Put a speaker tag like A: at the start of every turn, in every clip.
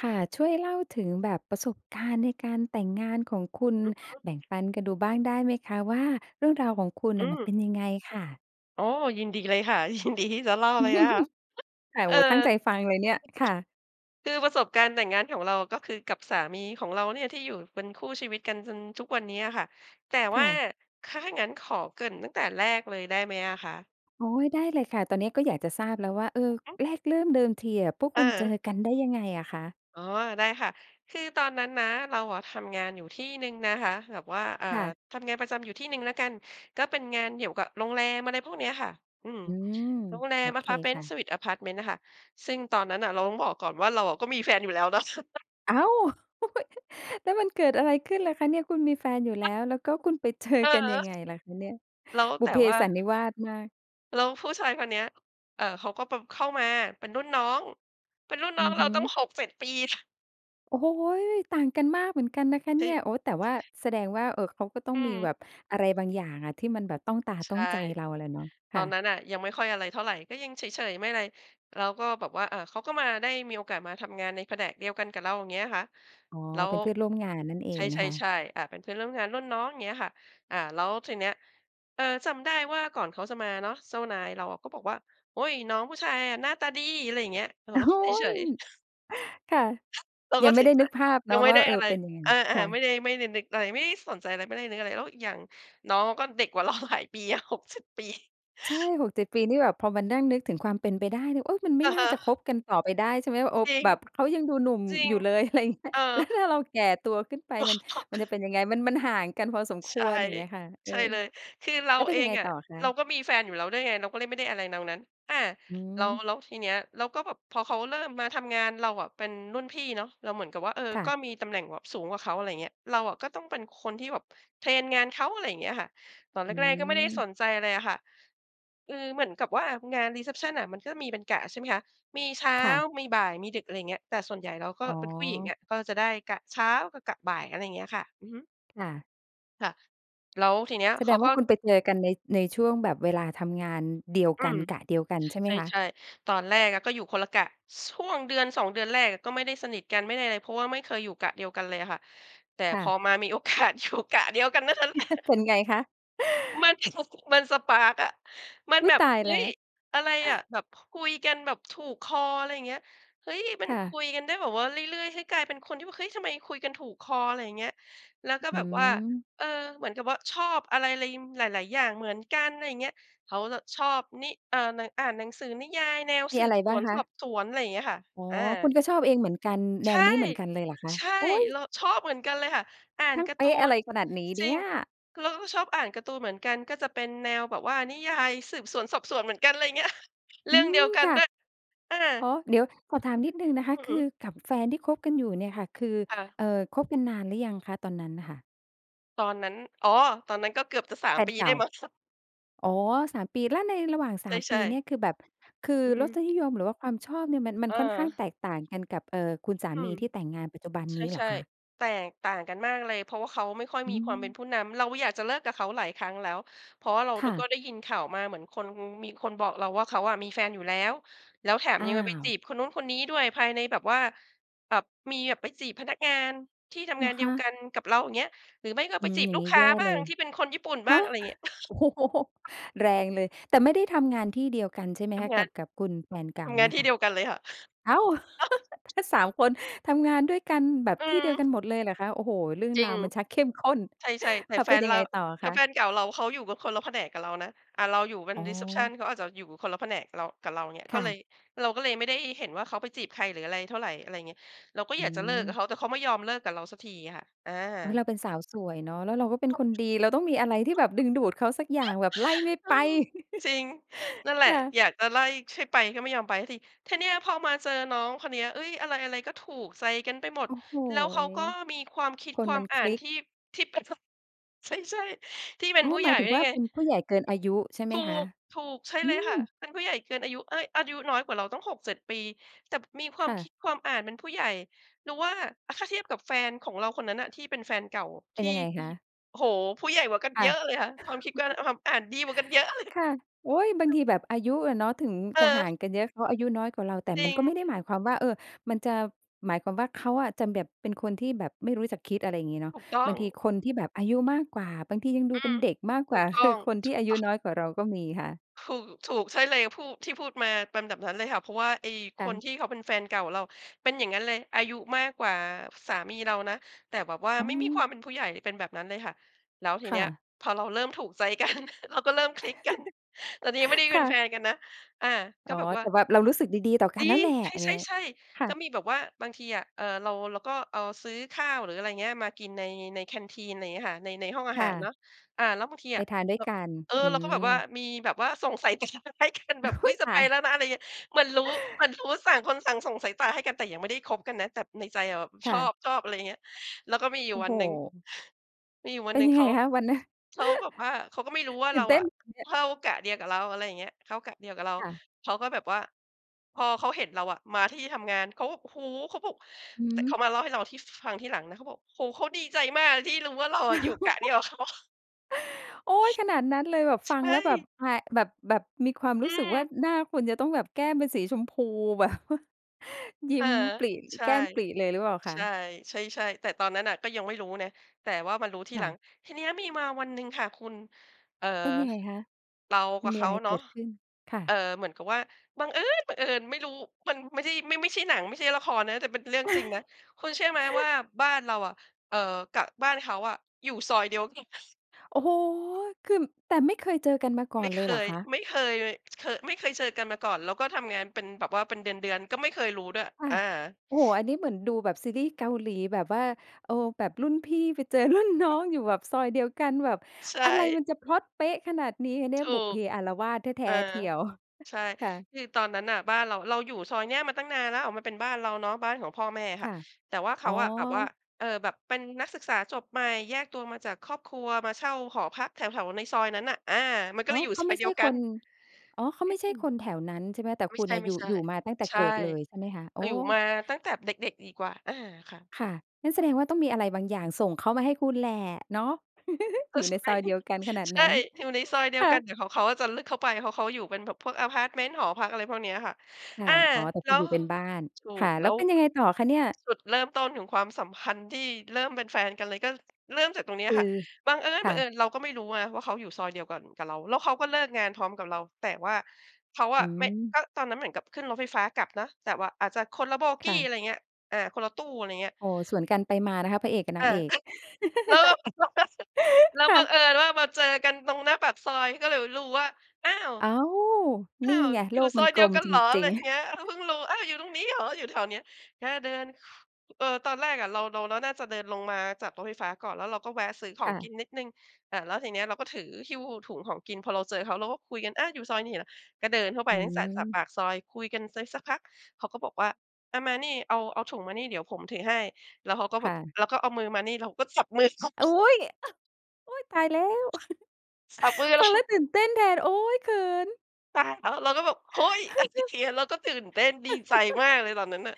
A: ค่ะ ช่วยเล่าถึงแบบประสบการณ์ในการแต่งงานของคุณ
B: อือฮึ
A: แบ่งปันกันดูบ้างได้ไหมคะ ว่าเรื่องราวของคุณ
B: อื
A: น่ะมัน
B: ม
A: เป็นยังไงค่ะ?
B: อ๋อ ยินดีเลยค่ะ ยินดีที่ จะเล่าเลยนะคะ ฮ
A: ค่ะ โ
B: เอ
A: อ้
B: อ
A: โฮ ตั้งใจฟังเลยเนี่ย ค่ะ
B: คือประสบการณ์แต่งงานของเราก็คือกับสามีของเราเนี่ยที่อยู่เป็นคู่ชีวิตกันจนทุกวันนี้อะค่ะ แต่
A: ค
B: ว่
A: ่
B: า
A: ะ
B: ค ถ้างั้นขอเกริ่นตั้งแต่แรกเลยได้ไหมอะคะ?
A: อ๋อ ได้เลยค่ะ ตอนเนี้ยก็อยากจะทราบแล้วว่า เออ
B: อือฮึ
A: แรกเริ่มเดิมทีอะพวก
B: เ
A: คุณเจอ
B: ออ
A: กันได้ยังไงอะคะ?
B: อ๋อ ได้ค่ะ คือตอนนั้นนะ เราอะทำงานอยู่ที่หนึ่งนะคะ แบบว่า อ่า
A: ค่ะ
B: ทำงานประจำอยู่ที่หนึ่งแล้วกัน ก็เป็นงานเกี่ยวกับโรงแรม อะไรพวกเนี้ยค่ะ อืม
A: อืม
B: โรงแร
A: โอ
B: ม อะ
A: เค
B: พาร์ตเมน
A: ค
B: ต
A: ่
B: ์ เซ
A: ะ
B: อร์วิซอะพาร์ตเมนต์น่ะค่ะ ซึ่งตอนนั้นน่ะเราต้องบอกก่อนว่าเราอะก็มีแฟนอยู่แล้ว เนาะ
A: อ้าว! แล้วมันเกิดอะไรขึ้นล่ะคะเนี่ย คุณมีแฟนอยู่แล้
B: ฮ
A: ว แล้วก็คุณไป เจอ
B: เ
A: กันยั
B: ออ
A: งไงล่ะคะเนี่ย?
B: แล้ว
A: บุ
B: แ
A: พ
B: ต
A: เ
B: ่
A: พ
B: ว่า
A: สันนิวาสมาก
B: แล้วผู้ชายคนเนี้ย เอ่อ เขาก็แบบเข้ามาเป็นรุ่นน้อง เป็นรุ่นน
A: อื
B: ้อง
A: อ
B: เร
A: ฮ
B: า
A: ึ
B: ตั้ง 6,7 ปี ท
A: โอ้โฮ ต่างกันมากเหมือนกันนะคะเนี
B: ช
A: ่ย โอ๊ย แต่ว่า แสดงว่า เออ เขาก็ต้อ
B: อื
A: งมี
B: ม
A: แบบอะไรบางอย่างอะที่มันแบบต้องตา
B: ใช
A: ต้อ
B: ่
A: งใจเราแหละเนาะ
B: ต
A: ค
B: อ
A: ่
B: น
A: ะ
B: นั้นน่ะยังไม่ค่อยอะไรเท่าไร ก็ยังเฉย ๆ ไม่อะไร เราก็แบบว่า อ่า เขาก็มาได้มีโอกาสมาทำงานในแผนกเดียวกันกับเรา อย่างเงี้ยคะ
A: อ๋อ
B: เรา
A: เป็นเพื่อนร่วมงานนั่นเอ
B: ใช
A: งนะคะ
B: ่ ๆ ๆ อ่า เป็นเพื่อนร่วมงานรุ่นน้อง อย่างเงี้ยค่ะ อ่า แล้วทีเนี้ย เออ จำได้ว่าก่อนเขาจะมาเนาะ เจ้านายเราอะก็บอกว่า "โอ๊ย น้องผู้ชายอะหน้าตาดี" อะไรอย่างเงี้ย เออ
A: โอ้
B: เรา
A: โฮ
B: ก็เฉย ๆ
A: ค่ะ
B: เรา
A: ยั
B: ก็
A: งไ
B: เ
A: ม
B: ฉ
A: ่ได้นึก
B: ย
A: ภาพ
B: ๆ
A: เ
B: ย
A: น
B: ั
A: าะ
B: งไม่
A: ว่า
B: ได้
A: เอ
B: อะ
A: อ
B: ไร
A: เป็นยังไง?
B: อา
A: ค่
B: ๆ ไ
A: ะ
B: ม่ได้ ไม่ได้นึกอะไร ไม่ได้สนใจอะไร ไม่ได้นึกอะไร แล้วอีกอย่างน้องก็เด็กกว่า เรา หลายปี อะ 6,7 ปี
A: ใช่ 6,7 ปีนี่ แบบพอมานั่งนึกถึงความเป็นไปได้นี่ โอ๊ย มันไม
B: อ
A: ่
B: ือ
A: น่
B: ฮ
A: า
B: ึ
A: จะคบกันต่อไปได้ใช่ไหม ว่า อ
B: จริง
A: แบบเขายังดูหนุ่ม
B: จริง
A: อยู่เลย อะไรอย่างเงี้ย
B: เอ
A: แล
B: อ
A: ้ว ถ้าเราแก่ตัวขึ้นไป มัน มันจะเป็นยังไง มัน มันห่างกันพอสมค
B: ใช่
A: วร อย่างเงี้ยค่ะ เอ
B: ใช
A: อ
B: ่เลย คือเร
A: แ
B: า
A: ล้วเป็
B: เอ
A: นยัง
B: ง
A: ไง
B: อ
A: ต
B: ะ
A: ่อค
B: เรา
A: ะ?
B: ก็มีแฟนอยู่แล้วด้วยไง เราก็เลยไม่ได้อะไรน้องนั้น อา
A: อื
B: แล้ว
A: ม
B: แล้วทีเนี้ยเราก็แบบ พอเขาเริ่มมาทำงาน เราอะเป็นรุ่นพี่เนาะ เราเหมือนกับว่า เออ
A: ค่
B: ก็
A: ะ
B: มีตำแหน่งแบบสูงกว่าเขา อะไรอย่างเงี้ย เราอะก็ต้องเป็นคนที่แบบเทรนงานเขา อะไรอย่างเงี้ยค่ะ ตอนแ
A: อื
B: รก ๆ ก็ไม่ได้ส
A: ม
B: นใจอะไรอะค่ะ อืม เหมือนกับว่า งาน รีเซปชัน น่ะมันก็มีเป็นกะใช่ไหมคะ มีเช้า
A: ค่ะ
B: มีบ่าย มีดึก อะไรอย่างเงี้ย แต่ส่วนใหญ่เราก็
A: อ๋อ
B: เป็นผู้หญิงอะก็จะได้กะเช้า กับกะบ่าย อะไรเงี้ยค่ะ อือฮึ
A: ค่ะ
B: ค่ะ แล้วทีเนี้ย
A: แส
B: เข
A: ด
B: า
A: งว
B: ก
A: ่
B: ็
A: าคุณไปเจอกันใน ในช่วงแบบเวลาทำงานเดียว
B: อื
A: กัน
B: ม
A: กะเดียวกันใช่ไห
B: ใ
A: มคะ?
B: ช่ ๆ ตอนแรกอะก็อยู่คนละกะ ช่วงเดือน 2 เดือนแรกก็ไม่ได้สนิทกัน ไม่ได้อะไร เพราะว่าไม่เคยอยู่กะเดียวกันเลยอะค่ะ แต่
A: ค่
B: พอ
A: ะ
B: มามีโอ กาสอยู่ กะเดียวกันเท่านั้น แหละ
A: เป็นไงคะ?
B: มัน มัน สปาร์ก อะ มัน
A: อุ๊
B: แบ
A: ย
B: บ
A: ตา
B: เ
A: ย
B: ฮ้
A: แล
B: ย
A: ้ว
B: อะไรอะ แบบคุยกันแบบถูกคอ อะไรอย่างเงี้ย เฮ้ย มั
A: ค
B: น
A: ่
B: ค
A: ะ
B: ุยกันได้แบบว่าเรื่อย ๆ เฮ้ย กลายเป็นคนที่ว่า เฮ้ย ทำไมคุยกันถูกคอ อะไรอย่างเงี้ย แล้วก็
A: อื
B: แบบว่า
A: ม
B: เออ เหมือนกับว่าชอบอะไร ไร หลาย ๆ อย่างเหมือนกัน อะไรอย่างเงี้ย เขาจะชอบนิ อ่านหนะ อ่านหนังสือนิยายแนว
A: มี
B: สื
A: อะไ
B: บ
A: ร
B: ส
A: บ้า
B: ว
A: ง
B: น
A: ค
B: ส
A: ะ?
B: อบสวน อะไรอย่างเงี้ยค่ะ
A: อ๋อ
B: อ
A: ค
B: า
A: ุณก็ชอบเองเหมือนกัน แน
B: ใช
A: ว
B: ่
A: นี้เหมือนกันเลยเหรอคะ?
B: ใช่
A: อุ๊ย
B: เราชอบเหมือนกันเลยค่ะ อ่า
A: ช
B: น
A: ่าง
B: การ
A: เป
B: ์ตู
A: ๊ะอะ
B: น
A: ไรขนาดนี้
B: จ
A: เน
B: ร
A: ี
B: ิ
A: ่
B: ง
A: ย
B: เราก็ชอบอ่านการ์ตูนเหมือนกัน ก็จะเป็นแนวแบบว่านิยายสืบสวนสอบสวนเหมือนกัน อะไรอย่างเงี้ย เร
A: อื
B: ื่องเดีย
A: ม
B: วกัน
A: ค่ะ
B: ด้วย อ
A: อ๋อ
B: า
A: เดี๋ยวขอถามนิดหนึ่งนะคะ
B: อือ
A: ค
B: ฮ
A: ื
B: ึ
A: อกับแฟนที่คบกันอยู่เนี่ยค่ะ คือ
B: ค่ะ
A: เอ่อ คบ กันนานหรือยังคะตอนนั้นน่ะค่ะ?
B: ตอนนั้น อ๋อ ตอนนั้นก็เกือบจะ สา
A: แ
B: ม
A: ฟน
B: ปี
A: เก
B: ได
A: ่
B: ้
A: า
B: มั้ง ค
A: อ๋อ 3 ปี และในระหว่าง ส
B: ใ
A: าม ป
B: ช
A: ี
B: ่
A: เน
B: ๆ
A: ี่ยคือแบบ คือ
B: อื
A: รส
B: ม
A: นิยม หรือว่าความชอบเนี่ยมัน มันค่อนข้างแ
B: เออ
A: ตกต่างกันกับ เอ่อ คุณสา
B: อื
A: มี
B: ม
A: ที่แต่งงานปัจจุบัน
B: ใ
A: นี้เห
B: ช
A: รอ
B: ่
A: คะ?
B: ๆ แตกต่างกันมากเลย เพราะว่าเขาไม่ค่อย
A: อ
B: มี
A: ื
B: ความเป็น
A: ม
B: ผู้นำ เราอยากจะเลิกกับเขาหลายครั้งแล้ว เพราะว่าเรา
A: ค
B: ด
A: ่
B: ก็
A: ะ
B: ได้ยินข่าวมาเหมือนคน มีคนบอกเราว่า "เขาอะมีแฟนอยู่แล้ว แล้วแถม
A: อ้า
B: ยังมา ไปจี
A: ว
B: บคนนู้นคนนี้ด้วย ภายในแบบว่าแบบ มีแบบไปจีบพนักงานที่ท
A: เห
B: ำ
A: ร
B: งา
A: อ
B: นเด
A: ค
B: ียวก
A: ะ?
B: ันกับเรา" อย่างเงี้ย หรือไม่ก็
A: อื
B: ไป
A: ม
B: จีบ
A: อย่า
B: ล
A: ง
B: ู
A: ง
B: ก
A: ี้
B: ค้
A: แย
B: า
A: ่
B: บ้
A: เ
B: า
A: ล
B: ง
A: ย
B: ที่เป็นคนญี่ปุ่นบ
A: ฮ
B: ้า
A: ะ
B: งอะไรอย่างเงี้ย
A: โอ้โฮ แรงเลย แต่ไม่ได้ทำงานที่เดียวกันใช่ไหม
B: ท
A: คะ
B: ำง
A: ก
B: า
A: ั
B: น
A: บ กับคุณแฟนเก
B: ท
A: ่า
B: ำง
A: เ
B: า
A: น
B: น
A: ี่ย
B: ที่
A: ค่ะ?
B: เดียวกันเลยค่ะ
A: อ้าว ถ้า 3 คนทำงานด้วยกันแบบ
B: อื
A: ที่เดียว
B: ม
A: กันหมดเลยเหรอคะ โอ้โฮ เรื่อง
B: จริ
A: รา
B: ง
A: วมันชักเข้มข้น
B: ใช่ ๆ แต่
A: ค่ะ
B: แฟ
A: เป็น
B: น
A: ยั
B: เร
A: ง
B: า
A: ไงต่ออะ
B: แต
A: ค
B: ่แฟ
A: ะ?
B: นเก่าเราเขาอยู่กันคนละแผนกกับเรานะ อา เราอยู่เป็
A: อ
B: น
A: ๋
B: รีเซปชัน
A: อ
B: เขาอาจจะอยู่คนละแผนกเรา กับเรา อย่างเงี้ย
A: ค
B: ก็
A: ่
B: เล
A: ะ
B: ย เราก็เลยไม่ได้เห็นว่าเขาไปจีบใคร หรืออะไรเท่าไร อะไรอย่างเงี้ย เราก็
A: อ
B: อ
A: ื
B: ยากจะเลิกกับ
A: ม
B: เขา แต่เขาไม่ยอมเลิกกับเราสักทีอะค่ะ อ
A: อุ๊ย เร
B: า
A: าเป็นสาวสวยเนาะ แล้วเราก็เป็
B: เข
A: น
B: า
A: คนดี เราต้องมีอะไรที่แบบดึงดูดเขาสักอย่าง แบบไล่ไม่
B: เอ
A: ไ
B: อ
A: ป
B: จริง นั่นแหล
A: ค
B: ะ
A: ่ะ
B: อยากจะไล่ให้ไปก็ไม่ยอมไปสักที ทีเนี้ยพอมาเจอน้องคนเนี้ย เอ้ย อะไร ๆ ก็ถูกใจกันไปหม
A: โ
B: ด
A: อ้โฮ
B: แล้วเขาก็มีความคิด
A: ค
B: ค
A: น
B: ว
A: ม
B: า
A: ั
B: ม
A: น
B: อ
A: ค
B: ่า
A: ล
B: น
A: ิก
B: ที่ ที่เป็น พ ใช่ ๆ ที่เป็
A: อ
B: น
A: ๋อ
B: ผู้
A: ห
B: ใ
A: ม
B: หญ
A: า
B: ่
A: ยถึ
B: ด
A: ง
B: ้ว
A: ว
B: ย
A: ่า
B: ไง
A: เป็นผู้ใหญ่เกินอายุ ใช่ไห
B: ถ
A: ม
B: ู
A: คะ?
B: ก ถูก ใช่
A: อื
B: เลยค่ะ
A: ม
B: เป็นผู้ใหญ่เกินอายุ เอ้ย อายุน้อยกว่าเราตั้ง 6-7 ปี แต่มีควา
A: ค
B: ม
A: ่
B: ค
A: ะ
B: ิดความอ่านเป็นผู้ใหญ่ หรือว่า อา ถ้าเทียบกับแฟนของเราคนนั้นน่ะที่เป็นแฟนเก่า
A: เป
B: ท
A: ็น
B: ี่
A: ยังไง
B: ที
A: ค
B: ่
A: ะ?
B: โอ้โฮ ผู้ใหญ่กว่ากัน
A: ค
B: เ
A: ่
B: ยอ
A: ะ
B: ะเลยค่ะ ความคิดกวา ความอ่านดีกว่ากันเยอะ เล
A: ค่ะ โอ๊ย บางท
B: ย
A: ีแบบอายุอะเนาะถึง
B: เ
A: จะห่า
B: ออ
A: งกันเยอะ เขาอายุน้อยกว่าเรา แต่
B: จร
A: มั
B: ิ
A: น
B: ง
A: ก็ไม่ได้หมายความว่า เออ มันจะ หมายความว่าเขาอะจะแบบเป็นคนที่แบบไม่รู้จักคิด อะไรอย่างงี้เนา
B: ถ
A: ะ
B: ูกต้อ
A: บา
B: ง
A: งทีคนที่แบบอายุมากกว่า บางทียังด
B: อ
A: ู
B: ื
A: เป็
B: ม
A: นเด็กมาก
B: ถ
A: กว
B: ู
A: ่า
B: กต้
A: ค
B: อ
A: ือ
B: ง
A: คนท
B: ถ
A: ี่
B: ู
A: อ
B: ก
A: า
B: ต
A: ยุ
B: ้อง
A: น้อยกว่าเราก็มีค่ะ
B: ถูก ถูก ใช่เลย พูด ที่พูดมาเป็นแบบนั้นเลยค่ะ เพราะว่าไอ้ค
A: ค่
B: น
A: ะ
B: ที่เขาเป็นแฟนเก่าเราเป็นอย่างงั้นเลย อายุมากกว่าสามีเรานะ แต่แบบว่า
A: อ๋
B: ไม่มีคว
A: อ
B: ามเป็นผู้ใหญ่ เป็นแบบนั้นเลยค่ะ แล้วที
A: ค
B: เน
A: ่
B: ี้ย
A: ะ
B: พอเราเริ่มถูกใจ กัน เราก็เริ่มคลิกกัน แต่ทีนี้ยังไม่ได้
A: ค
B: เป็
A: ่
B: นแฟ
A: ะ
B: นกันนะ อ่า ก
A: อ
B: ็
A: ๋อ
B: แบบว
A: แ
B: ่า
A: ต่แบบเรารู้สึกดี ๆ ต่อกั
B: จร
A: น
B: ิ
A: แล้ว
B: ง
A: แหละ อะไรอ
B: ใ
A: ย่างเงี้ย
B: ช่ ๆ
A: ค
B: ๆ
A: ่
B: ก็
A: ะ
B: มีแบบว่าบางทีอะ เอ่อ เรา เราก็เอา ซื้อข้าว หรืออะไรอย่างเงี้ย มากินใน ใน แคนทีน อะไรอย่างเงี้ยค่ะ ใน ในห้องอา
A: ค
B: ห
A: ่
B: าร
A: ะ
B: เนาะ อ่า แล้วบางที
A: ไป
B: อะ
A: ทานด้
B: เ
A: ว
B: ร
A: ย
B: า
A: กัน
B: เออ
A: อื
B: เราก็แบบว่า
A: ม
B: มีแบบว่าส่งสาย ตาให้กันแ
A: อ
B: บบ "อุ
A: ุ
B: ๊
A: ๊
B: ย
A: ย
B: จ
A: ต
B: ะไป
A: าย
B: แล้วนะ" อะไรอย่างเงี้ย เหมือนรู้ เหมือนรู้ ต่าง คนต่าง ส่งสายตาให้กัน แต่ยังไม่ได้คบกันนะ แต่ในใจอะแบบ
A: ค
B: ช
A: ่
B: อบ
A: ะ
B: ชอบ อะไรอย่างเงี้ย แล้วก็มีอยู
A: โ
B: ่
A: อ้
B: วั
A: โ
B: น
A: ฮ
B: หนึ่ง มีอยู่วั
A: เ
B: น
A: ป็
B: หน
A: น
B: ึ่ง
A: ยัง
B: เข
A: ไง
B: า
A: คะ วันนั้น?
B: เขาแบบว่า เขาก็ไม่รู้ว่า
A: ตื
B: เ
A: ่
B: ร
A: น
B: า
A: เต้
B: อ
A: น
B: ะ
A: เนี่ย
B: เข้ากะเดียวกับเรา อะไรอย่างเงี้ย เข้ากะเดียวกับเรา
A: ค่ะ
B: เขาก็แบบว่า พอเขาเห็นเราอะมาที่ทำงาน เขาแบบ โอ้โฮ เขาบอก
A: อือ
B: แต่
A: ฮ
B: เข
A: ึ
B: ามาเล่าให้เราที่ ฟ ฟังทีหลังนะ เขาบอก "โอ้โฮ เขาดีใจมากที่รู้ว่าเราอะอยู่กะเดียวกับ เขา"
A: โอ๊ย ขนาดนั้นเลย แบบ
B: ใ
A: ฟ
B: ช
A: ังแล้วแบบ
B: ่
A: แผะ แบบ แบบมีความ
B: อ
A: ร
B: ื
A: ู้สึกว่
B: ม
A: าหน้าคุณจะต้องแบบแก้มเป็นสีชมพู แบบ ยิ
B: เ
A: ้
B: ออ
A: มปริ
B: ใช่
A: แก้มปริเลยหรือเปล่าค
B: ใ
A: ะ?
B: ช่ ใช่ ๆ แต่ตอนนั้นน่ะก็ยังไม่รู้นะ แต่ว่ามารู้ที
A: ค่
B: หลั
A: ะ
B: ง ทีนี้มีมาวันหนึ่งค่ะคุณ เอ่อ
A: เป็นยังไงคะ
B: เรา
A: ม
B: ก
A: ั
B: ั
A: น
B: บ
A: ม
B: เ
A: ี
B: ข
A: อะ
B: า
A: ไร
B: เน
A: เ
B: า
A: ก
B: ะ
A: ิดขึ้น? ค่ะ
B: เอ่อ เหมือนกับว่าบังเอิญบังเอิญ ไม่รู้ มันไม่ใช่ ไม่-ไม่ใช่หนัง ไม่ใช่ละครนะ แต่เป็นเรื่องจริงนะ คุณเชื่อไหมว่าบ้านเราอะ เอ่อ กับบ้านเขาอะ อยู่ซอยเดียวกัน
A: โอ้โฮ คือ แต่ไม่เคยเจอกันมาก
B: ไ
A: ่
B: ม
A: อ
B: ่
A: น
B: เ
A: เ
B: ค
A: ลยเหรอ
B: ย
A: คะ?
B: ไม่เคยเลย เคย ไม่เคยเจอกันมาก่อน แล้วก็ทำงานเป็นแบบว่าเป็นเดือน ๆ ก็ไม่เคยรู้ด้วย
A: ค่
B: อ
A: ะ
B: า
A: โอ้โฮ อันนี้เหมือนดูแบบซีรี่ส์เกาหลีแบบว่า เออ แบบรุ่นพี่ไปเจอ รุ่นน้
B: น
A: อง
B: ะ
A: อยู่แบบซอยเดียวกัน แบบ
B: ใช
A: อะไร
B: ่
A: มันจะพล็อตเป๊ะขนาดนี้เนี
B: ถ
A: ่ย
B: ู
A: บุพเพ
B: ก
A: อาละวาดแท
B: เออ
A: ้ ๆ เทียว
B: ใช่
A: ค่ะ
B: คือตอนนั้นน่ะบ้านเรา เราอยู่ซอยนี้มาตั้งนานแล้ว มันเป็นบ้านเราเนาะ บ้านของพ่อแม่อะ
A: ค
B: ค่ะ
A: ่ะ
B: แต่ว่าเข
A: อ๋อ
B: าอะแบบว่า เออ แบบเป็นนักศึกษาจบใหม่ แยกตัวมาจากครอบครัว มาเช่าหอพักแถว ๆ ในซอยนั้นน่ะ อา มันก็
A: อ๋อ
B: เลยอยู่
A: เขา
B: ซ
A: ไ
B: อ
A: ม
B: ย
A: ่
B: เ
A: ใ
B: ด
A: ช
B: ี
A: ่
B: ยวก
A: ค
B: ัน
A: น อ๋อ เขา
B: เอ
A: ไ
B: ๊
A: ม่
B: ะ
A: ใช
B: อ
A: ่
B: ืม
A: คนแถวนั้นใช่ไหม แต่
B: ไม
A: ค
B: ่
A: ุ
B: ใ
A: ณ
B: ช
A: น่
B: ่
A: ะอยู่ อยู่มาตั้งแต่
B: ๆ ใช
A: เก
B: ่
A: ิดเลย ใช่ไหมคะ? โอ
B: ก
A: ้
B: ็อยู่มาตั้งแต่เด็ก ๆ ดีกว่า อา ค่ะ
A: ค่ะ งั้นแสดงว่าต้องมีอะไรบางอย่างส่งเขามาให้คุณแหละเนาะ
B: ก
A: อ
B: ็
A: ยู่
B: ใ
A: ใ
B: ช
A: นซ
B: ่
A: อยเดียวกันขนาด
B: ใช
A: น
B: ่
A: ั้น
B: อยู่ในซอยเดีย
A: ค
B: ว
A: ่
B: กัน
A: ะ
B: แต่ของเขาจะลึกเข้าไป เพราะเขาอยู่เป็นแบบพวกอพาร์ตเมนต์ หอพัก อะไรพวกเนี้ยค่ะ
A: ค่
B: อา
A: ะ อ๋อ แต่
B: แล
A: ค
B: ้
A: ุณ
B: ว
A: อยู่เป็นบ้าน
B: ถู
A: ค่
B: ก
A: ะ
B: แ
A: แ
B: ล
A: ล
B: ้
A: ้ว
B: ว
A: เป็นยังไงต่อคะเนี่ย?
B: จุดเริ่มต้นของความสัมพันธ์ที่เริ่มเป็นแฟนกันเลยก็เริ่มจากตรงนี้
A: ค
B: อ
A: ื
B: ะค
A: อ
B: ่ะ บังเอิญ
A: ค
B: บ
A: ่
B: ังเอิ
A: ะ
B: ญเราก็ไม่รู้นะว่าเขาอยู่ซอยเดียวกันกับเรา แล้วเขาก็เลิกงานพร้อมกับเรา แต่ว่าเขาอ
A: อื
B: ะไม่
A: ม
B: ก็ตอนนั้นเหมือนกับขึ้นรถไฟฟ้ากลับนะ แต่ว่าอาจจะคนละ โบก
A: ค
B: ี
A: ่ะ
B: อะไรอย่างเงี้ย อ่า คนละตู้ อะไรเงี้ย
A: อ๋อ สวนกันไปมานะคะ พระเอกกับน
B: อ
A: าง
B: า
A: เอก
B: แล้วเรา ก็ แล้ว
A: ค่
B: บังเ
A: ะ
B: อิญว่ามาเจอกันตรงหน้าปากซอย ก็เลยแบบรู้ว่า "อ้าว
A: อ้าว
B: อ้
A: นี
B: า
A: ่
B: ว
A: ไง
B: อ
A: โ
B: ย
A: ล
B: ู่
A: ก
B: ซ
A: มั
B: อ
A: น
B: ยเ
A: ก
B: ดี
A: ล
B: ยว
A: ม
B: กัน
A: จ
B: เหรอ?" อะ
A: ร
B: ไ
A: ิ
B: ร
A: ง
B: อ
A: ๆ
B: ย่างเงี้ย เราเพิ่งรู้ อ้าว อยู่ตรงนี้เหรอ อยู่แถวนี้ แล้วเราเดิน เออ ตอนแรกอะเรา เรา เราน่าจะเดินลงมาจากรถไฟฟ้าก่อน แล้วเราก็แวะซื้อข
A: ค
B: อง
A: ่
B: ก
A: ะ
B: ินนิดหนึ่ง อ่า แล้วทีนี้เราก็ถือหิ้วถุงของกิน พอเราเจอเขา เราก็คุยกัน "อา อยู่ซอยนี้เหรอ?" ก็เดินทั่วไป
A: อื
B: ตั้งแต่จากป
A: ม
B: ากซอย คุยกันไซสักพัก เขาก็บอกว่า "อา มานี่ เอา เอาถุงมานี่เดี๋ยวผมถือให้" แล้วเขาก็แ
A: ค
B: บ
A: ่
B: บ
A: ะ
B: แล้วก็เอามือมานี่ เราก็จับมือเขา
A: อุ๊ย โอ๊ย ตายแล้ว!
B: จับ มือ
A: ฟ
B: เล
A: ัง
B: ย
A: แล้วตื่นเต้นแทน โอ๊ย เขิน!
B: ตายแล้ว เราก็แบบ "เฮ้ย!" อะไรอย่างเงี้ย เราก็ตื่นเต้นดีใจมากเลยตอนนั้นน่ะ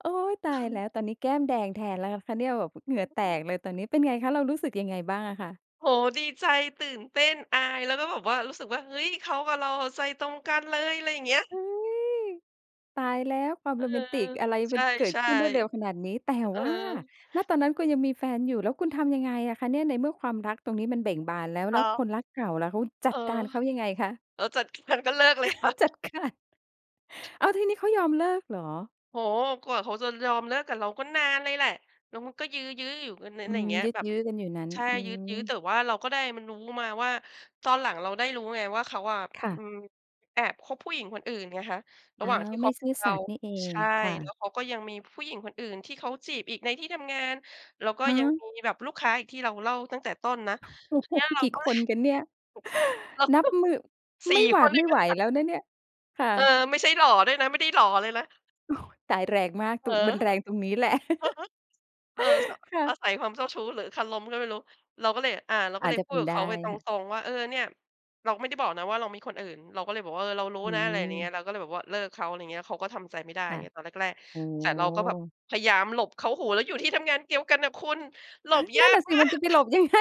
A: โอ๊ย ต
B: เ
A: ายแ
B: ออ
A: ล้ว ตอนนี้แก้มแดงแทนแล้วนะคะเนี่ย แบบเหงื่อแต
B: เออ
A: กเลยตอนนี้ เป็นไงคะ เรารู้สึกยังไงบ้างอะคะ?
B: โอ้โฮ ดีใจ ตื่นเต้น อาย แล้วก็แบบว่ารู้สึกว่า เฮ้ย! เขากับเราอะใจตรงกันเลย อะไรอย่างเงี้ย
A: อุ๊ย! ตายแล้ว ความ
B: เอ
A: โร
B: อ
A: แมนติกอะไร
B: ใ
A: ม
B: ช
A: ัน
B: ่
A: เกิดขึ้นรวดเร็วข
B: ๆ
A: นาดนี้ แต่
B: อ เออ
A: ว่า ณ ตอนนั้นคุณยังมีแฟนอยู่ แล้วคุณทำยังไงอะคะเนี่ย? ในเมื่อความรักตรงนี้มันเบ่งบานแล้ว แ
B: อ
A: ล
B: ๋
A: ้ว
B: อ
A: คนรักเก่าล่ะ เขา จั
B: เอ
A: ดกา
B: อ
A: รเขายังไงคะ?
B: หลังจากนั้นก็เลิกเลยค่ะ
A: จัดการ อ้าว! ทีนี้เขายอมเลิกเหรอ?
B: โอ้โฮ กว่าเขาจะยอมเลิกกับเราก็นานเลยแหละ แล้วมันก็ยื้อ ๆ อยู่กัน
A: อื
B: น ไรอย่
A: ม
B: างเงี้ย
A: ยึก
B: แบบ
A: ยื้อกันอยู่นั้น
B: ใช่
A: อื
B: ยื้อ ยื้อ
A: ม
B: แต่ว่าเราก็ได้มารู้ มาว่า ตอนหลังเราได้รู้ไงว่าเขาอะ
A: ค่
B: อ
A: ะ
B: ืม แอบคบผู้หญิงคนอื่นไงคะ ร
A: อ
B: ะ
A: ้า
B: หว่างท
A: ว
B: ี่ค
A: ไม่
B: บ
A: ซื่อ
B: เร
A: ส
B: า
A: ัตย์นี่เอ
B: ใช
A: ง
B: ่
A: ค่
B: แล
A: ะ
B: ้วเขาก็ยังมีผู้หญิงคนอื่นที่เขาจีบอีกในที่ทำงาน แล้วก็
A: ฮ
B: ยัง
A: ะ?
B: มีแบบลูกค้าอีกที่เราเล่าตั้งแต่ต้นนะ
A: โอ้
B: ที
A: โฮ!
B: นี้เรา
A: กี่
B: ก็เ
A: ค
B: ลย
A: นกันเนี่ย
B: เรา
A: นั
B: ก
A: บ
B: ็
A: มือ
B: สี
A: ไ
B: ่
A: ม่หว
B: ค
A: า
B: น
A: ด
B: เล
A: ไม
B: ย
A: ่
B: น
A: ไห
B: ะ
A: ว
B: อ
A: แล้วนะเนี่ย ค่
B: เอ
A: ะ
B: อ ไม่ใช่หล่อด้วยนะ ไม่ได้หล่อเลยนะ
A: ตาย แรงมาก
B: เ
A: ต
B: ออ
A: ุ มันแรงตรงนี้แหละ
B: เออ ส
A: ค่
B: อา
A: ะ
B: ศัยความเจ้าชู้หรือคารมก็ไม่รู้ เราก็เลย อ่า เราก
A: อ
B: ็
A: า
B: เ
A: จ
B: ลย
A: จะ
B: พู
A: เป
B: ด
A: ็น
B: กับ
A: ได
B: เข
A: ้
B: าไปต
A: ค่ะ
B: รง ๆ ว่า เออ "เนี่ย" เราไม่ได้บอกนะว่าเรามีคนอื่น เราก็เลยบอกว่า "เออ เรารู้
A: อื
B: นะ" อะไรอย่างเนี้ย
A: ม
B: เราก็เลยแบบว่าเลิกเขา อะไรอย่างเงี้ย เขาก็ทำใจไม่ได้
A: ค
B: อย่
A: ่ะ
B: างเงี้ย ตอนแรก
A: โอ้โ
B: ๆ แต่เราก็แบบ
A: ฮ
B: พยายามหลบเขา โอ้โฮ แล้วอยู่ที่ทำงานเดียว กันน่ะคุณ หลบย
A: นั
B: า
A: ่นน่
B: ก
A: ะสิ
B: มา
A: มันจะ
B: ก
A: ไปหลบยัง ไง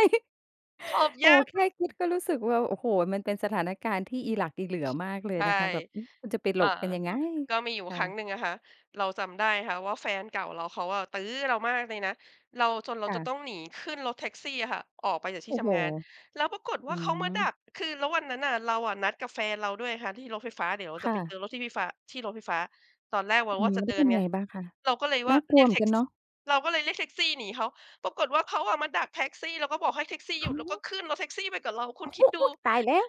B: ขบ
A: โอ้
B: ย
A: โฮ
B: าก
A: แค่คิดก็รู้สึกว่า โอ้โฮ มันเป็นสถานการณ์ที่อิหลักอิเหลื่อมากเลย
B: ใช่
A: นะคะ แบบ อืม มันจะไปหล
B: อ่า
A: บกันยังไง
B: ก็มีอยู่
A: ค่
B: ค
A: ะ
B: รั้งหนึ่งอะค่ะ เราจำได้ค่ะว่าแฟนเก่าเราเขาอะตื้อเรามากเลยนะ เรา จนเร
A: ค
B: า
A: ่
B: จะ
A: ะ
B: ต้องหนีขึ้นรถแท็กซี่อะค่ะออกไปจาก
A: โ
B: ที
A: อ
B: ่
A: ้
B: ท
A: โฮ
B: ำงาน แล้วปรากฏ
A: อ
B: ว
A: ื
B: ่าเขามาด
A: ม
B: ัก คือแล้ววันนั้นน่ะเราอะนัดกับแฟนเราด้วยค่ะที่รถไฟฟ้า เดี๋ยว
A: ค
B: จะ
A: ่
B: ไปเจ
A: ะ
B: อรถที่พี่ฟ้า ที่รถไฟฟ้า ตอนแรกเร
A: อ
B: า
A: ื
B: ว่
A: ม
B: าจ
A: แ
B: ะ
A: ล้
B: เด
A: ว
B: ิ
A: เป็
B: น
A: น
B: ไง
A: ไงบ้างคะ?
B: เราก็เลย
A: น
B: ว่
A: ่า
B: า
A: กล
B: เ
A: ั
B: ร
A: ว
B: ีย
A: เ
B: ก
A: หมื
B: แ
A: อ
B: ท
A: น
B: ็
A: กั
B: ก
A: นเ
B: ซ
A: นา
B: ี่
A: ะ
B: เราก็เลยเรียกแท็กซี่หนีเขา ปรากฏว่าเขาอะมาดักแท็กซี่ แล้วก็บอกให้แท็กซี่ห
A: โ
B: ย
A: อ
B: ุด
A: ้
B: แล้วก็ขึ้นรถแท็กซี่ไปกับเรา ค
A: อ
B: ุ
A: ุ๊
B: ณคิดดู
A: ย! ตายแล้ว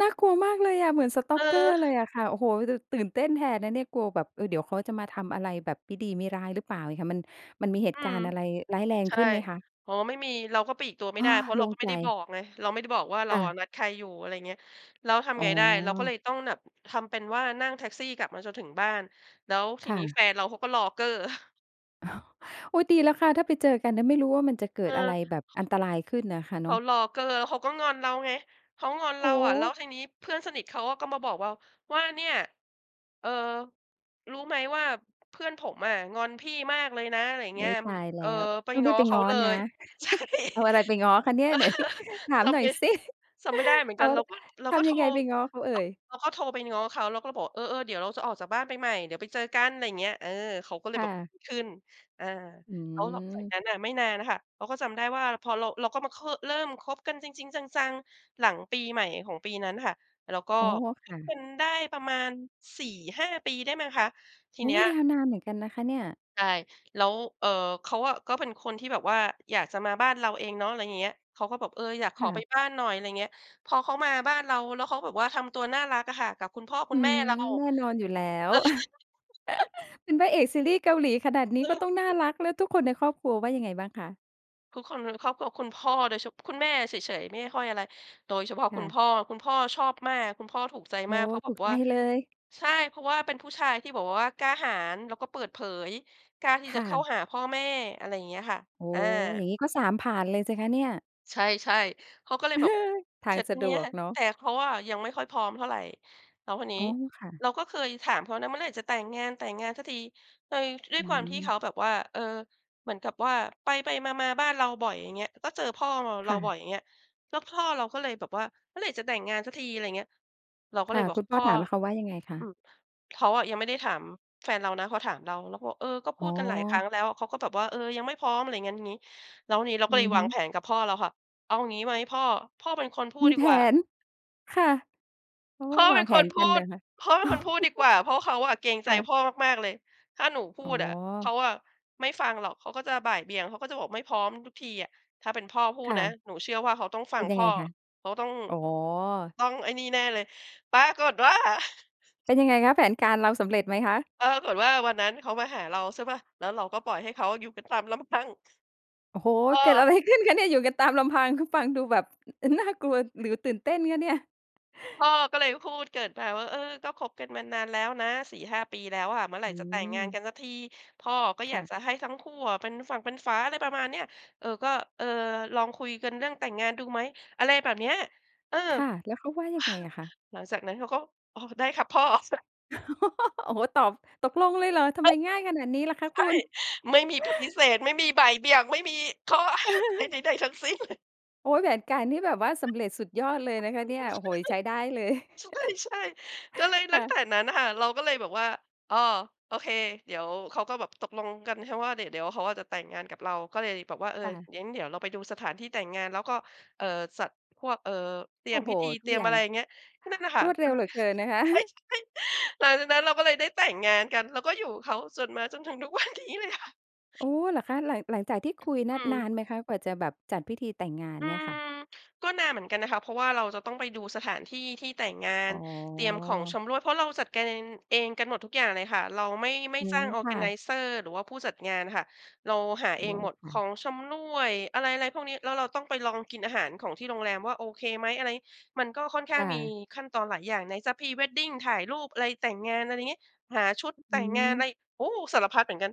A: น่ากลัวมากเลยอะ เหมือน
B: เ
A: Stalker เล
B: ออ
A: ยอะค่ะ โอ้โฮ แต่ตื่นเต้นแทนนะเนี่ย กลัวแบบ เออ เดี๋ยวเขาจะมาทำอะไรแบบมิดีมิร้ายหรือเปล่าไงค่ะ มัน มันมีเหต
B: อื
A: ุกา
B: ม
A: รณ์อะไรร้ายแรง
B: ใช
A: ข
B: ่
A: ึ้นไหมคะ?
B: อ๋อ ไม่มี เราก็ปลีกตัวไ
A: เ
B: ม
A: อ
B: ่
A: อ
B: ได้ เพราะ
A: โ
B: เ
A: ล
B: รา
A: ่ง
B: ก็ไม
A: ใ
B: ่
A: จ
B: ได้บอกไง เราไม่ได้บอกว่าเร
A: ค
B: า
A: ่
B: อ
A: ะ
B: ะนัดใครอยู่ อะไรอย่างเงี้ย แล้วท
A: อ
B: ำ
A: ๋
B: ไง
A: อ
B: ได้ เราก็เลยต้องแบบ ทำเป็นว่านั่งแท็กซี่กลับมาจนถึงบ้าน แล้วที
A: ค่
B: นี้แฟ
A: ะ
B: นเราเขาก็รอเก้อ
A: อ อุ๊ย ดีแล้วค่ะ ถ้าไปเจอกันนะ ไม่รู้ว่ามันจะเก
B: เ
A: ิ
B: อ
A: ดอะไ
B: อ
A: รแบบอันตรายขึ้นน่ะค่ะ
B: เ
A: เ
B: ข
A: น
B: า
A: าะ
B: รอเก้อ แล้วเขาก็งอนเราไง เขางอนเ
A: โ
B: ร
A: อ้
B: า
A: โ
B: อะ แล้ว
A: ฮ
B: ทีนี้เพื่อนสนิทเขาอะก็มาบอกว่า ว่า "เนี่ย เออ รู้ไหมว่าเพื่อนผมอะงอนพี่มากเลยนะ อะไรอย่าง
A: อ
B: เง
A: ุ๊
B: ี้ย
A: ย
B: อ
A: ตายแล
B: เอ
A: ้
B: อ
A: ว
B: ไป
A: ต้อง
B: ง
A: รี
B: ้อ
A: บไป
B: เข
A: ง
B: า
A: ้อ
B: เล
A: นะ
B: ย" ใช่
A: เอาอะไรไปง้อคะเนี่ย ไหน ถาม
B: จ
A: หน
B: ำ
A: ่อ
B: ไม
A: ย
B: ่
A: สิ
B: จำไม่ได้เหมือ
A: เ
B: น
A: อ
B: ก
A: า
B: ัน เราก็ เรา
A: ท
B: ก็
A: ำ
B: โ
A: ย
B: ท
A: ั
B: ร
A: งไงไป
B: ก
A: ง้อเขาเอ่ย?
B: เราก็โทรไปง้อเขา เราก็บอก "เออ ๆ เดี๋ยวเราจะออกจากบ้านไปใหม่ เดี๋ยวไปเจอกัน" อะไรอย่างเงี้ย เออ เขาก็เล
A: ค
B: ย
A: ่
B: แบบ
A: ะ
B: ขึ้น อ่า
A: อื
B: แล้วหลังจาก
A: ม
B: นั้นน่ะไม่นานอะค่ะ เราก็จำได้ว่า พอเรา เราก็มา ค เริ่มคบกันจริง ๆ จัง ๆ หลังปีใหม่ของปีนั้นค่ะ แล้วก็
A: อ๋อ ค
B: ค
A: ่
B: บ
A: ะ
B: กันได้ประมาณ 4,5 ปีได้มั้งคะ ที
A: โอ้
B: เนี
A: โฮ
B: ้ย
A: ยาวนานเหมือนกันนะคะเนี่ย
B: ใช่ แล้ว เออ เขาอะก็เป็นคนที่แบบว่าอยากจะมาบ้านเราเองเนาะ อะไรอย่างเงี้ย เขาก็บอก เออ อยากข
A: ค
B: อ
A: ่
B: ไป
A: ะ
B: บ้านหน่อย อะไรเงี้ย พอเขามาบ้านเราแล้วเขาแบบว่าทำตัวน่ารักอะค่ะ กับคุณพ่อค
A: อ
B: ุ
A: ื
B: ณแม่
A: ม
B: เรา
A: แน่นอนอยู่แล้ว เป็นพระเอกซีรี่ส์เกาหลีขนาดนี้
B: เ
A: ก็
B: ออ
A: ต้องน่ารัก แล้วทุกคนในครอบครัวว่ายังไงบ้างคะ?
B: ทุกคนในครอบครัว คุณพ่อ โดย ฉ คุณแม่อะเฉย ๆ ไม่ค่อยอะไร โดยเฉพาะ
A: ค
B: ค
A: ่
B: ุณ
A: ะ
B: พ่อ คุณพ่อชอบมาก คุณพ่อถูกใจ
A: โอ้
B: มากเพราะแ
A: ถ
B: บ
A: ู
B: บ
A: กใ
B: ว
A: จ
B: ่า
A: เลย
B: ใช่ เพราะว่าเป็นผู้ชายที่ บ บอกว่า กล้าหาญแล้วก็เปิดเผย กล้าที่
A: ค
B: จะ
A: ่
B: เข้า
A: ะ
B: หาพ่อแม่ อะไรอย่างเงี้ยค่ะ
A: โอ้
B: อา
A: โฮ อย่างงี้ก็ 3 ผ่านเลยสิคะเนี่ย
B: ใช่ ๆ เขาก็เลยแบบ
A: ท
B: เ
A: า
B: ส
A: ง
B: ร็จ
A: ส
B: ที
A: ะด
B: เนี้
A: ว
B: ย
A: กเนาะ
B: แต่เขาอะยังไม่ค่อยพร้อมเท่าไร แล้ววันนี้
A: อ๋อ ค่ะ
B: เราก็เคยถามเขานะ "เมื่อไหร่จะแต่งงาน? แต่งงานสักที" เออ ด้ว
A: อ
B: ย
A: ื
B: ความที่เข
A: ม
B: าแบบว่า เออ เหมือนกับว่า ไป ๆ มา ๆ บ้านเราบ่อย อย่างเงี้ย ก็เจอพ่อเรา เ
A: ค
B: รา
A: ่
B: บ่
A: ะ
B: อย อย่างเงี้ย แล้วพ่อเราก็เลยแบบว่า "เมื่อไรจะแต่งงานสักที?" อะไรเงี้ย เราก็
A: ค
B: เล
A: ่
B: ย
A: ะ
B: บอก
A: คุณพ
B: พ
A: ่อ
B: ่อ
A: ถาม แล้วเขาว่ายังไงคะ?
B: อืม เขาอะยังไม่ได้ถาม แฟนเรานะ เขาถามเรา เราก็บอก "เออ ก็พ
A: อ
B: ู
A: ๋
B: ดกันหลายครั้
A: อ
B: งแล้ว เขาก็แบบว่า เออ ยังไม่พร้อม" อะไรงั้นงี้ แล้วนี้เรา
A: อ
B: ก
A: ื
B: ็เล
A: อ
B: ย
A: ฮ
B: วา
A: ึ
B: งแผนกับพ่อเราค่ะ "เอางี้ไหมพ่อ พ่อเป็นคนพู
A: ม
B: ด
A: ี
B: ดี
A: แผ
B: กว่า"
A: น ค่ะ โอ้โฮ
B: "พ่อ
A: ว
B: เป
A: า
B: ็
A: ง
B: น
A: แผ
B: ค
A: น
B: นพ
A: กัน
B: ู
A: เหร
B: ด
A: อคะ?
B: พ่อเป็นคนพูดดีกว่า เพราะว่าเขาอะเกรงใ
A: ค
B: จ
A: ่ะ
B: พ่อมาก ๆ เลย ถ้าหนูพู
A: อ๋อ
B: ดอะ เขาอะไม่ฟังหรอก เขาก็จะบ่ายเบี่ยง เขาก็จะบอกไม่พร้อมทุกทีอะ ถ้าเป็นพ่อพู
A: ค
B: ด
A: ่
B: นะ
A: ะ
B: หนูเชื่อว่าเขาต้องฟ
A: เ
B: ั
A: ป็น
B: ง
A: ย
B: พ
A: ัง
B: ่
A: ไง
B: อ
A: คะ?
B: เขาต้อง
A: อ๋อ
B: ต้องไอ้นี่แน่เลย" ปรากฏว่า
A: เป็นยังไงคะ แผนการเราสำเร็จไหมคะ?
B: ปรากฏว่า วันนั้นเขามาหาเรา ใช่เปล่า แล้วเราก็ปล่อยให้เขาอยู่กันตาม ลำพัง
A: โอ้โฮ
B: พ่
A: เกิด
B: อ
A: อะไร ขึ้นคะเนี่ย? อยู่กันตามลำพัง คือฟังดูแบบ ฟ น่ากลัวหรือตื่นเต้นคะเนี่ย?
B: พ่อก็เลยพูดเกริ่นมาว่า "เออ ก็คบกันมานานแล้วนะ 4-5 ปีแล้วอะ เมื่อไหร
A: อ
B: ่
A: ื
B: จะแต่งงาน
A: ม
B: กันสักที? พ่อก็
A: ค
B: อย
A: ่
B: าก
A: ะ
B: จะให้ทั้งคู่อะเป็นฝั่งเป็นฝา" อะไรประมาณเนี้ย "เออ ก็ เออ ลองคุยกันเรื่องแต่งงานดูไหม?" อะไรแบบเนี้ย เออ
A: ค่ะ แล้วเขาว่ายังไงอะคะ?
B: หลังจากนั้นเขาก็ "อ๋อ ได้ครับพ่อ"
A: โอ้โฮ ตอบตกลงเลยเหรอ? ทำไมง่ายขนาดนี้ล่ะคะ
B: ใช
A: ค
B: ่
A: ุณ?
B: ไม่มีปฏิเสธ ไม่มีบ่ายเบี่ยง ไม่มีข้อ ใด ใด ๆ ทั้งสิ้น เลย
A: โอ๊ย แผนการที่แบบว่าสำเร็จสุดยอดเลยนะคะเนี่ย โอ้โฮ ใช้ได้เลย
B: ใช่ ๆ ก็เลย
A: ค
B: ลั้
A: ่
B: ง
A: ะ
B: แต่นั้นค่ะ เราก็เลยแบบว่า อ้อ โอเค เดี๋ยวเขาก็แบบตกลงกันแค่ว่าเดี๋ยว เดี๋ยวเขาอะจะแต่งงานกับเรา ก็เลยแบบว่า เออ
A: ค่ะ
B: งั้นเดี๋ยวเราไปดูสถานที่แต่งงาน แล้วก็ เอ่อ จัดพวก เอ่อ เตรี
A: โอ
B: ย
A: ้
B: ม
A: โฮ
B: พิธี
A: ท
B: เต
A: ุ
B: ร
A: ก
B: ีย
A: อ
B: ม
A: ย่
B: อ
A: า
B: ะไ
A: ง
B: รอย่างเงี้ย ก็นั่นน่ะค่
A: ร
B: ะ
A: วดเร
B: มั
A: ็ว
B: น
A: เหลือเกินนะคะ
B: ใช่ ๆ หลังจากนั้นเราก็เลยได้แต่งงานกัน แล้วก็อยู่เขาจนมาจนถึง ทุกวันนี้เลยค่ะ
A: โอ้ เหรอคะ? หลัง หลังจากที่คุยน
B: อ
A: ่
B: ื
A: ะน
B: ม
A: านไหมคะกว่าจะแบบจัดพิธีแต่งงาน
B: อื
A: เนี่ยค่ะ?
B: ม ก็นานเหมือนกันนะคะ เพราะว่าเราจะต้องไปดูสถานที่ที่แต่งงา
A: อ๋
B: น เตรียมของ
A: อ
B: ชำร่วย เพราะเราจัดการเอง เองกันหมดทุกอย่างเลยค่ะ เราไม่ ไม่
A: อื
B: จ้
A: ม
B: างออ
A: ค
B: ร์แก
A: ่
B: ไน
A: ะ
B: เซอร์ หรือว่าผู้จัดงานน่ะค่ะ เราหา
A: อ
B: เอ
A: ๋อ
B: งหมด
A: ค่
B: ข
A: ะ
B: องชำร่วย อะไร ๆ พวกนี้ แล้วเราต้องไปลองกินอาหารของที่โรงแรมว่าโอเคไหม อะไรงี้ มันก็ค่อนข้
A: ค
B: าง
A: ่
B: มี
A: ะ
B: ขั้นตอนหลายอย่าง ไหนจะ Pre Wedding ถ่ายรูป อะไร แต่งงาน อะไรอย่างเงี้ย หาชุด
A: อ
B: แ
A: ื
B: ต่งงาน อะ
A: ม
B: ไร โอ้ สารพัดเหมือนกัน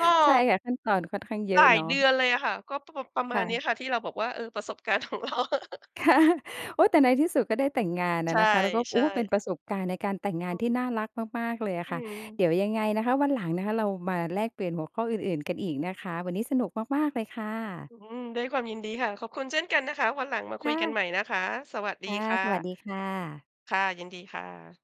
B: ก็
A: ใช่ค่ะ ขั้นตอนค่อนข้างเยอ
B: หล
A: ะ
B: า
A: เ
B: ย
A: นาะ
B: เดือนเลยอะค่ะ ก็ประ ประม
A: ค
B: า
A: ่
B: ณนี้
A: ะ
B: ค่ะ ที่เราบอกว่า เออ ประสบการณ์ ของเรา
A: ค่ะ โอ๊ย แต่ในที่สุดก็ได้แต่งงานอ
B: ใช
A: ะนะคะ แล้วก็ โอ
B: ่
A: ้ เป็น
B: ๆ
A: ประสบการณ์ในการแต่งงา
B: อ
A: นที่
B: ืม
A: น่ารักมาก ๆ เลยอ
B: อ
A: ะ
B: ื
A: ค่ะ เ
B: ม
A: ดี๋ยวยังไงนะคะวันหลังนะคะเรามาแลกเปลี่ยนหัวข้ออื่น ๆ กันอีกนะคะ วันนี้สนุกมาก ๆ เลยค่ะ
B: อืม ด้วยความยินดีค่ะ ขอบคุณเช่นกันนะคะ วันหลังมา
A: ค
B: คุ
A: ่
B: ยกัน
A: ะ
B: ใหม่นะคะ สวัสด
A: ค
B: ี
A: ่ะ
B: ค่
A: สวัส
B: ะ
A: ดีค่ะ
B: ค่ะ ยินดีค่ะ